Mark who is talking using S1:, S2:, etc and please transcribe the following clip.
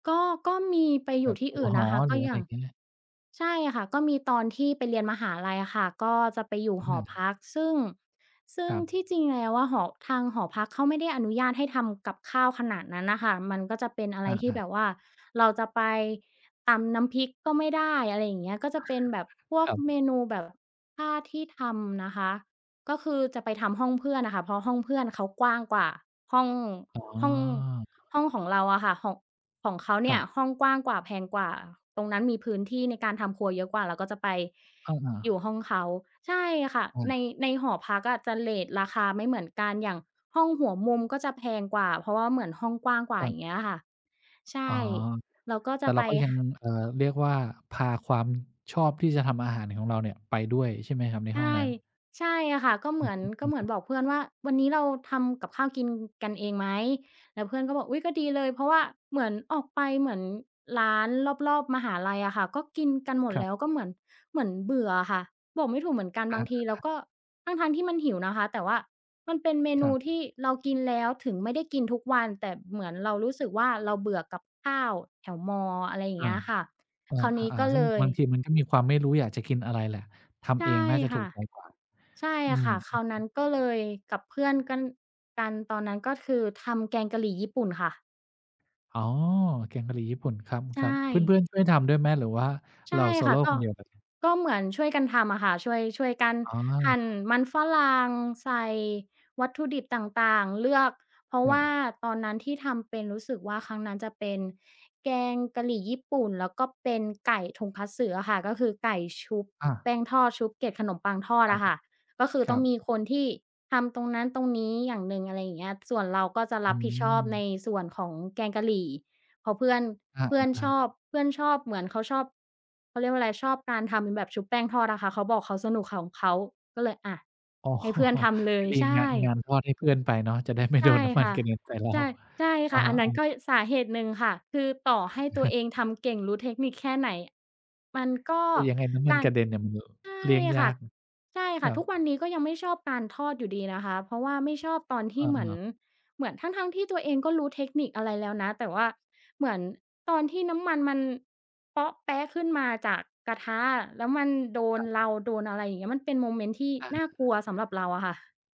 S1: ก็ ก็มีไป
S2: แ
S1: อ
S2: บ
S1: ยู่
S2: บ
S1: ที
S2: อ
S1: ่
S2: ยู่
S1: อื่น
S2: ห
S1: น
S2: อ
S1: ะคะ
S2: ห
S1: ก
S2: ร
S1: ็
S2: ืออะ
S1: อ
S2: ไ
S1: ย
S2: ร
S1: ่า
S2: อย
S1: ง
S2: ่างเงี้ย
S1: ใช่ค่ะ ก็มีตอนที่ไปเรียนมหาลัยอะค่ะ ก็จะไปอยู่
S2: อื
S1: หอ
S2: ม
S1: พัก ซึ่ง ซึ่
S2: ค
S1: ง
S2: รั
S1: ที
S2: บ
S1: ่จริงแล้วอะหอ ทางหอพักเขาไม่ได้อนุญาตให้ทำกับข้าวขนาดนั้นน่ะค่ะ มันก็จะเป็นอะไ
S2: อ
S1: รที่
S2: า
S1: แ
S2: ๆ
S1: บบว่าเราจะไปตำน้ำพริกก็ไม่ได้ อะไรอย่างเงี้ย ก็จะเป็นแบบพว
S2: ค
S1: ก
S2: รั
S1: เม
S2: บ
S1: นูแบบ ถ้าที่ทำนะคะ ก็คือจะไปทำห้องเพื่อนน่ะค่ะ เพราะห้องเพื่อนเขากว้างกว่าห้อง
S2: อ๋
S1: ห้อง
S2: อ
S1: ห้องของเราอะค่ะ ของ ของเขาเ
S2: ค
S1: นี
S2: ร
S1: ่
S2: ั
S1: ย
S2: บ
S1: ห้องกว้างกว่าแพงกว่า ตรงนั้นมีพื้นที่ในการทำครัวเยอะกว่า เราก็จะไป
S2: อะฮ
S1: อยู่
S2: ะ
S1: ห้องเขา ใช่ค่ะ
S2: อา
S1: ใน ในหอพักอะจะเรตราคาไม่เหมือนกัน อย่างห้องหัวมุมก็จะแพงกว่า เพราะว่าเหมือนห้องกว้างกว่
S2: ค
S1: า
S2: รั
S1: อย
S2: บ
S1: ่างเงี้ยอะค่ะ ใช
S2: อ๋อ
S1: ่ เราก็
S2: แต
S1: จ
S2: ่
S1: ะ
S2: เร
S1: ไ
S2: า
S1: ป
S2: ก็ยั
S1: ห
S2: ง เอ่อ เรียกว่าพาความชอบที่จะทำอาหารของเราเนี่ยไปด้วยใช่ไหมครับ? ใน
S1: ใช
S2: ห้อง
S1: ่
S2: นั้น
S1: ใช่ค่ะ ก็เ
S2: อ
S1: หม
S2: ือ
S1: ือน ก็เหมื
S2: ฮ
S1: อ
S2: ึ
S1: น
S2: ๆ
S1: บอกเพื่อนว่า "วันนี้เราทำกับข้าวกินกันเองไหม?" แล้วเพื่อนก็บอก "อุ๊ย ก็ดีเลย" เพราะว่าเหมือนออกไป เหมือนร้านรอบ ๆ มหาลัยอะค่ะ ก็กินกันหมด
S2: ครั
S1: แล
S2: บ
S1: ้วก็เหมือน เหมือนเบื่ออะค่ะ บอกไม่ถูกเหมือนกัน
S2: อะ
S1: บ
S2: ฮ
S1: าง
S2: ะ
S1: ทีเรา
S2: อ
S1: ก็
S2: า
S1: ทั้ง ๆ ที่มันหิวนะคะ แต่ว่ามันเป็นเม
S2: ค
S1: น
S2: ร
S1: ู
S2: ับ
S1: ที่เรากินแล้ว ถึงไม่ได้กินทุกวันแต่เหมือนเรารู้สึกว่าเราเบื่อกับข้าวแถวมอ อะไรอย่า
S2: อ
S1: ง
S2: า
S1: เงี้ยอะค่ะ คราวนี้
S2: อา
S1: ก็
S2: ๆ ๆ ซึ่
S1: เล
S2: ง
S1: ย
S2: บางทีมันก็มีความไม่รู้อยากจะกินอะไรแหละ ท
S1: ใช
S2: ำ
S1: ่
S2: เองน่าจะ
S1: ค
S2: ถู
S1: ่
S2: ก
S1: ะ
S2: ใจกว่า
S1: ใช่
S2: อื
S1: อะ
S2: ม
S1: ค่ะ ค
S2: อื
S1: รา
S2: อ
S1: วนั้น
S2: ฮ
S1: ก็
S2: ึ
S1: เลย กับเพื่อนกัน กันตอนนั้น ก็คือทำแกงกะหรี่ญี่ปุ่นค่ะ
S2: อ๋อ แกงกะหรี่ญี่ปุ่น คร
S1: ใช
S2: ับ ๆ เพ
S1: ่
S2: ื่อน ๆ ช่วยทำด้วยไหม หรือว่า
S1: ใช
S2: เร
S1: ่
S2: า โซ
S1: ค
S2: โ
S1: ่ะ
S2: ล
S1: ก
S2: ค
S1: ็
S2: นเดียวเลย?
S1: ก็เหมือนช่วยกันทำอะค่ะ ช่วย ช่วยกัน
S2: อ๋
S1: ห
S2: อ
S1: ั่นมันฝรั่ง ใส่วัตถุดิบต่าง ๆ เลือก เพราะ
S2: ค
S1: ว
S2: รั
S1: ่า
S2: บ
S1: ตอนนั้นที่ทำเป็น รู้สึกว่าครั้งนั้นจะเป็นแกงกะหรี่ญี่ปุ่น แล้วก็เป็นไก่ Tonkotsu อะค่ะ ก็คือไก่ชุบ
S2: อา
S1: แป้งทอด ชุบเกล็ดขนมปังทอ
S2: ค
S1: ด
S2: รั
S1: อ
S2: บ
S1: ะค่ะ ก็คือ
S2: ค
S1: ต
S2: ร
S1: ้
S2: ั
S1: องมี
S2: บ
S1: คนที่ทำตรงนั้นตรงนี้อย่างหนึ่ง อะไรอย่างเงี้ย ส่วนเราก็จะ
S2: อ
S1: ร
S2: ื
S1: ับผิดชอบใน
S2: ม
S1: ส่วนของแกงกะหรี่ เพราะเพื่อน
S2: อ
S1: เพื่อนช
S2: า
S1: อ
S2: ๆ
S1: บ เพื่อนชอบ เหมือนเขาชอบ เขาเรียกว่าอะไร ชอบการทำเป็นแบบชุบแป้งทอดอะค่ะ เขาบอกเขาสนุกของเขา ก็เลย อา
S2: อ๋อ
S1: ให้เพื่อนทำเล
S2: ก็
S1: ย
S2: ดี
S1: ใช
S2: งาน งา
S1: ่
S2: นทอดให้เพื่อนไปเนาะ จะได้ไม่
S1: ใ
S2: โ
S1: ช
S2: ด
S1: ่
S2: นน้ำมั
S1: ค
S2: น
S1: ่ะ
S2: ใส่เรา
S1: ใช่ ใช่
S2: อ
S1: ค
S2: ะ
S1: ่ะ
S2: ฮ
S1: อ
S2: ะ
S1: ันนั
S2: อ
S1: ้
S2: า
S1: นก็สาเหตุหนึ่งค่ะ คือต่อให้ตัวเองทำเก่ง รู้เทคนิคแค่ไหน มันก็
S2: แต่ยังไงน้ำมั
S1: ก
S2: น
S1: า
S2: ก
S1: ร
S2: ระเด็นน่ะมัน ล
S1: ใช่
S2: เลี่ยงย
S1: ค่
S2: า
S1: ะ
S2: ก
S1: ใช่ค
S2: ค
S1: ่ะ
S2: รั
S1: ทุก
S2: บ
S1: วันนี้ก็ยังไม่ชอบการทอดอยู่ดีนะคะ เพราะว่าไม่ชอบตอนที
S2: อ
S1: ่เหมือน
S2: า
S1: เหมือน ทั้ง ๆ ที่ตัวเองก็รู้เทคนิคอะไรแล้วนะ แต่ว่าเหมือนตอนที่น้ำมันมันเป๊าะแป๊ะขึ้นมาจากกระทะอะ แล้วมันโดน
S2: ครับ
S1: เรา โดนอะไรอย่างเงี้ย มันเป็นโมเมนต์ที่
S2: อะฮ
S1: น่ากลัวสำ
S2: ะ
S1: หรับเราอะค่ะ